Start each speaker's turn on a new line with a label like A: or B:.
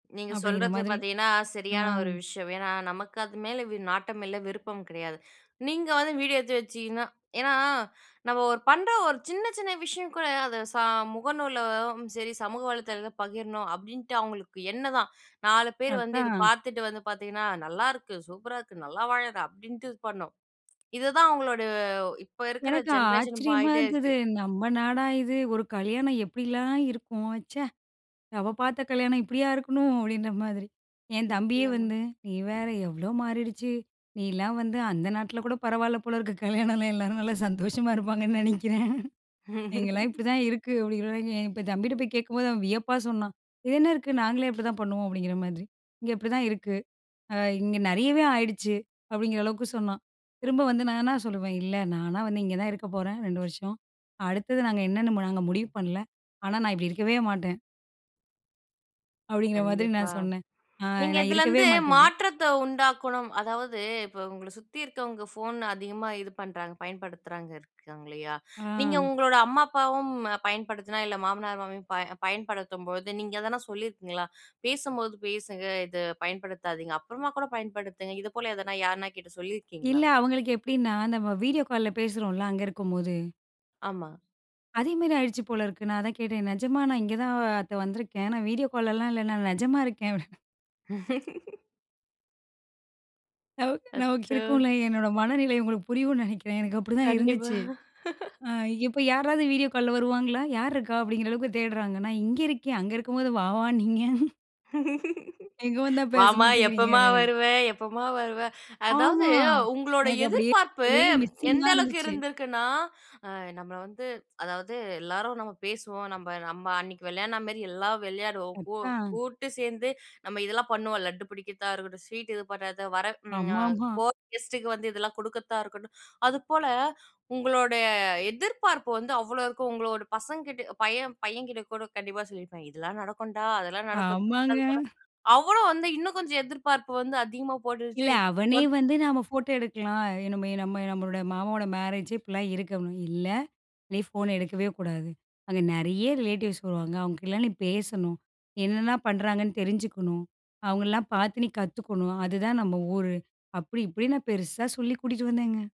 A: நீங்க
B: அப்டிங்குற
A: சொல்றது
B: மாதிரி
A: பாத்தீங்கன்னா,
B: ஆ.
A: சரியான ஒரு விஷயம். ஏன்னா, நமக்கு அது மேல வி நாட்டம் இல்ல, விருப்பம் கெடயாது. நீங்க வந்து வீடியோ எடுத்து வச்சிக்கின்னா ஏன்னா நம்ம ஒரு பண்ற ஒரு சின்ன சின்ன விஷயம் கூட அத சா முகநூலும் செரி, சமூக வளைத்தலதுல பகிரணும் அப்டின்ட்டு அவங்களுக்கு எண்ணம் தான். 4 பேரு வந்து இத
B: அதான்.
A: பாத்துட்டு வந்து பாத்தீங்கன்னா, நல்லாருக்கு, சூப்பரா இருக்கு, நல்லா வாழுற அப்டின்ட்டு இது பண்ணணும். இதுதான் அவங்களோட இப்ப இருக்குற
B: எனக்கு
A: ஜென்ரேஷன்
B: ஆச்சரியமா
A: மாறிட்டே
B: இருந்தது,
A: இருக்கு.
B: நம்ம நாடா இது! ஒரு கல்யாணம் எப்டிலாம் இருக்கும் ச்சே. நம்ம பாத்த கல்யாணம் இப்டியா இருக்கணும் அப்டின்ற மாதிரி. என் தம்பியே
A: நிச்சயமா.
B: வந்து நீ வேற எவ்ளோ மாறிடுச்சு. நீலாம் வந்து அந்த நாட்டுல கூட பரவாயில்ல போல இருக்கு, கல்யாணலாம் இல்லாமா, நல்லா சந்தோஷமா இருப்பாங்கன்னு நெனைக்குறேன். இங்கலாம் இப்டிதான் இருக்கு, அப்டிங்குற தம்பிக்கிட்ட போய் கேக்கும்போது அவன் வியப்பா சொன்னான், இது என்ன இருக்குது நாங்களே இப்டிதான் பண்ணுவோம், அப்டிங்குற மாதிரி. அ, இங்க இப்டிதான் இருக்கு அ இங்க நெறயவே ஆயிடுச்சு அப்டிங்குற அளவுக்கு சொன்னான், திரும்ப வந்து நான் என்ன சொல்லுவேன், இல்ல நானா வந்து இங்க தான் இருக்கப் போறேன் 2 வருஷம். அடுத்தது நாங்க என்னென்னு நாங்க முடிவு பண்ணல. ஆனா நான் இப்டி இருக்கவே மாட்டேன். அப்டிங்குற மாதிரி
A: கண்டிப்பா,
B: நான் சொன்னேன், அ
A: நீங்க
B: நான் இருக்கவே
A: இதுலருந்து
B: மாட்டேன் அப்டி.
A: மாற்றத்த உண்டாக்கணும், அதாவது இப்ப உங்கள சுத்தி இருக்கவங்க ஃபோன் அதிகமா இது பண்றாங்க, பயன்படுத்துறாங்க இருக்காங்க இல்லயா? நீங்க
B: ஆ.
A: உங்களோட அம்மா, அப்பாவும் பயன்படுத்துனா, இல்ல மாமனார், மாமியாரும் பயன்படுத்தும்போது நீங்க எதனா சொல்லியிருக்கீங்களா? பேசும்போது பேசுங்க இத பயன்படுத்தாதீங்க, அப்புறமா கூட பயன்படுத்துங்க. இது போல எதனா யார்னா கிட்ட
B: இல்ல,
A: சொல்லியிருக்கீங்களா?
B: அவங்களுக்கு எப்டின்னா, நம்ம வீடியோ கால்ல பேசுறோல அங்க இருக்கும்போது.
A: ஆமா.
B: அதே மாரி ஆயிருச்சு போல இருக்கு, நான் அதான் கேட்டேன், நிஜமா நான் இங்க தான் அத்த வந்துருக்கேன் நான் வீடியோ கால்லாம் இல்ல. நான் நிஜமா இருக்கேன். நமக்கு நமக்கு
A: அச்சோ.
B: இருக்கும்ல. என்னோட மனநிலை உங்களுக்கு புரியும்னு நெனைக்குறன், எனக்கு அப்டிதான்
A: கண்டிப்பா.
B: இருந்துச்சு. அ, இப்ப யாராவது வீடியோ கால்ல வருவாங்களா? யாருக்கா அப்டிங்குற அளவுக்கு தேடுறாங்க. நான் இங்க இருக்கேன். அங்க இருக்கும்போது வா வானீங்க. இங்க வந்தா பேச
A: வாமா,
B: மாட்டேங்குறீங்க
A: எப்பமா வருவ எப்பமா வருவ. அதாவது
B: ஆமா,
A: உங்களோட
B: எனக்கு அப்டியே
A: எதிர்பார்ப்பு
B: அப்டியே
A: எந்த
B: மிஸ்ஸிங்கா
A: அளவுக்கு
B: இருந்துச்சு.
A: இருந்துருக்குனா, அ, நம்மள வந்து அதாவது எல்லாரும் நம்ம பேசுவோம், நம்ப நம்ப அன்னைக்கு விளையாடுன மேறி எல்லாம் விளையாடுவோம். கூ
B: அதான்.
A: கூட்டு சேந்து நம்ம இதெல்லாம் பண்ணுவோம். லட்டு பிடிக்கதா இருக்கட்டும், ஸ்வீட் இது பண்ணுறத, வர
B: ஆமாமா.
A: போற கெஸ்ட்டுக்கு வந்து இதெல்லாம் கு டுக்கர்த்தா இருக்கட்டும், அதுப்போல உங்களோட எதிர்பார்ப்பு வந்து அவ்ளோ இருக்கு, உங்களோட பசங்க கிட்ட பையன் பையன்கிட்ட கூட கண்டிப்பா சொல்லியிருப்பீங்க," இதெல்லாம் நடக்கும்டா, அதெல்லாம் நடக்கும்,"
B: ஆமாங்க.
A: அவ்வளோ வந்து இன்னும் கொஞ்சம் எதிர்பார்ப்பு வந்து அதிகமா
B: இல்ல
A: போட்டுட்டு
B: அவனே
A: வந்
B: வந்து, நம்ம ஃபோட்டோ எடுக்கலாம், நம்ம நம்ம நம்மளோட மாமாவோட மேரேஜு இப்டிலாம் இருக்கணும். இல்ல நீ ஃபோன் எடுக்கவே கூடாது. அங்க நெறய ரிலேட்டிவ்ஸ் வருவாங்க, அவங்க கிட்டலாம் நீ பேசணும், என்னலாம் பண்றாங்கன்னு தெரிஞ்சுக்கணும், அவங்களலாம் பாத்து நீ கத்துக்கணும். அதுதான் நம்ம ஊரு, அப்டி இப்டின்னு நான் பெருசா சொல்லி கூட்டிட்டு வந்தேங்க.